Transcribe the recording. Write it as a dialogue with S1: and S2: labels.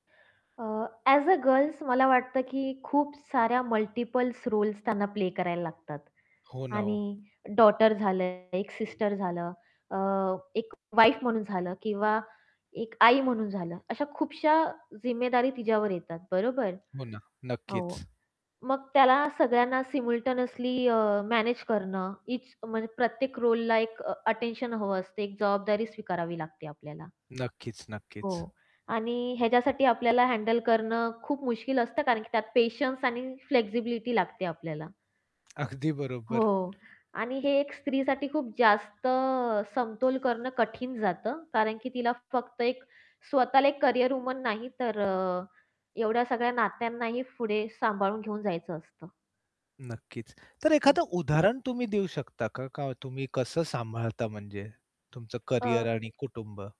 S1: A, as a girls मला वाटतं की खूप साऱ्या मल्टिपलस् रोल्स त्यांना प्ले करायला लागतात
S2: हो ना ओ.
S1: आणि डॉटर झालं, एक सिस्टर झालं, अ, एक वाईफ म्हणून झालं किंवा एक आई म्हणून झालं. अशा खूपश्या जिम्मेदारी तिच्यावर येतात, बरोबर.
S2: हो ना,
S1: हो.
S2: नक्कीच.
S1: मग त्याला सायमल्टेनियसली अ, मॅनेज करणं ईच म्हणजे प्रत्येक रोलला एक अ, अटेन्शन हवं असते एक जबाबदारी स्वीकारावी लागते आपल्याला.
S2: नक्कीच,
S1: हो.
S2: नक्कीच.
S1: आणि ह्याच्यासाठी आपल्याला हँडल करणं खूप मुश्किल असतं कारण की त्यात पेशन्स आणि फ्लेक्सिबिलिटी लागते आपल्याला.
S2: अगदी बरोबर.
S1: हो. आणि हे एक स्त्रीसाठी खूप जास्त समतोल करणं कठीण जातं. कारण की तिला फक्त एक स्वतःला एक कॅरियर वुमन नाही तर अ, एवढ्या सगळ्या नात्यांनाही पुढे सांभाळून घेऊन जायचं असतं.
S2: नक्कीच. तर
S1: हो.
S2: एखादं उदाहरण तुम्ही देऊ शकता का? का तुम्ही कसं सांभाळता म्हणजे तुमचं
S1: अ
S2: कॅरियर आणि कुटुंब?